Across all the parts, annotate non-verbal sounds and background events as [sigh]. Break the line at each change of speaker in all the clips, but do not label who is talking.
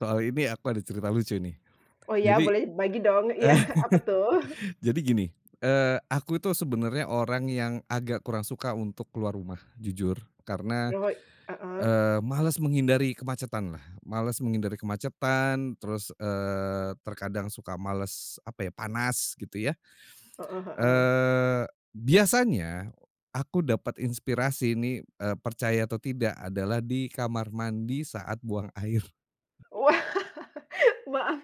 Soal ini aku ada cerita lucu nih,
Oh iya,
jadi
boleh, bagi dong iya, apa tuh?
[chuckles] jadi gini, eee, aku itu sebenarnya orang yang agak kurang suka untuk keluar rumah, jujur, karena,
Oh heeh?
eee, males menghindari kemacetan lah, males menghindari kemacetan, terus, eee, terkadang suka malas, apa ya, panas, gitu ya,
Heeh heeh.
eee, biasanya aku dapat inspirasi ini, eee, percaya atau tidak, adalah di kamar mandi saat buang air.
Wah.
[chuckles]
[laughs] Maaf,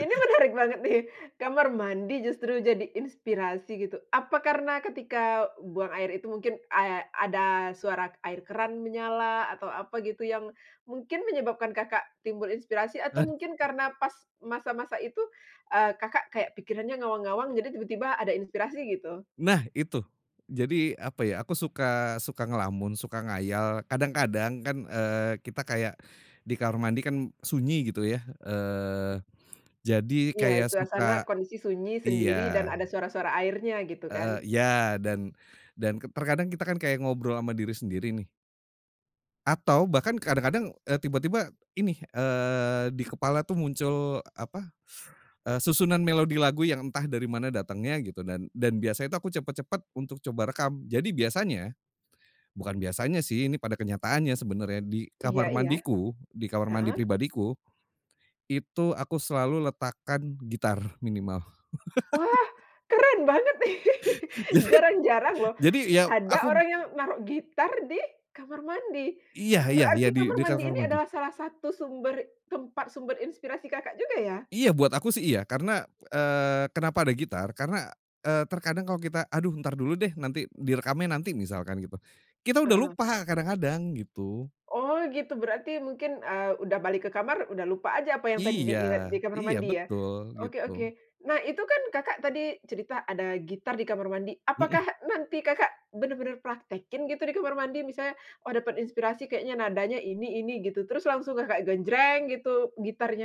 ini menarik banget nih. Kamar mandi justru jadi inspirasi, gitu? Apa, karena ketika buang air itu mungkin, ad ada suara air keran menyala atau, apa, gitu, yang mungkin menyebabkan Kakak timbul inspirasi, atau, mungkin karena pas masa-masa itu, eee, Kakak kayak pikirannya ngawang-ngawang, jadi, tiba-tiba ada inspirasi, gitu?
Nah, itu. Jadi, apa ya, aku suka suka ngelamun, suka ngayal, kadang-kadang kan, eee, kita kayak di kamar mandi kan sunyi, gitu ya, eee, jadi,
Iya,
kayak
suasana
suka
kondisi sunyi sendiri
iya.
dan, ada suara-suara airnya, gitu
Heeh
kan?
iya. Dan dan, terkadang kita kan, kayak, ngobrol sama diri sendiri nih atau, bahkan kadang-kadang, eee, tiba-tiba, ini, eee, di kepala tuh muncul, apa, [sucks teeth] eee, susunan melodi lagu yang entah dari mana datangnya, gitu, dan dan biasanya itu, aku cepet-cepet untuk coba rekam. Jadi, biasanya, bukan biasanya sih, ini pada kenyataannya sebenarnya, di
Iya
kamar
iya?
mandiku, di kamar mandi
Heeh?
pribadiku. Itu, aku selalu letakkan gitar, minimal.
Wah,
[laughs]
keren banget nih.
[chuckles]
[laughs]
Jadi
Jarang-jarang loh,
jadi ya,
ada
aku
orang yang naruh gitar di, kamar mandi.
Iya iya iya,
Berarti,
di
kamar
di
mandi
kamar
ini
mandi.
adalah salah satu sumber tempat sumber inspirasi Kakak juga, ya?
Iya, buat aku sih, iya, karena, eee, kenapa ada gitar? Karena, eee, terkadang kalau kita, "Aduh, ntar dulu deh, nanti, direkamnya nanti." misalkan gitu, kita udah
Heeh.
lupa kadang-kadang, gitu.
Oh gitu, berarti, mungkin, eee, udah balik ke kamar, udah lupa aja, apa yang tadi di
Iya,
inget di kamar
iya
mandi, ya?
betul,
Oke
gitu.
oke. Nah, itu kan, Kakak tadi cerita ada gitar di kamar mandi, apakah
Mhm.
nanti Kakak benar-benar praktekin gitu, di kamar mandi? Misalnya, "Oh, dapat inspirasi kayaknya, nadanya ini-ini." gitu, terus langsung kayak Kakak genjreng, gitu, gitarnya?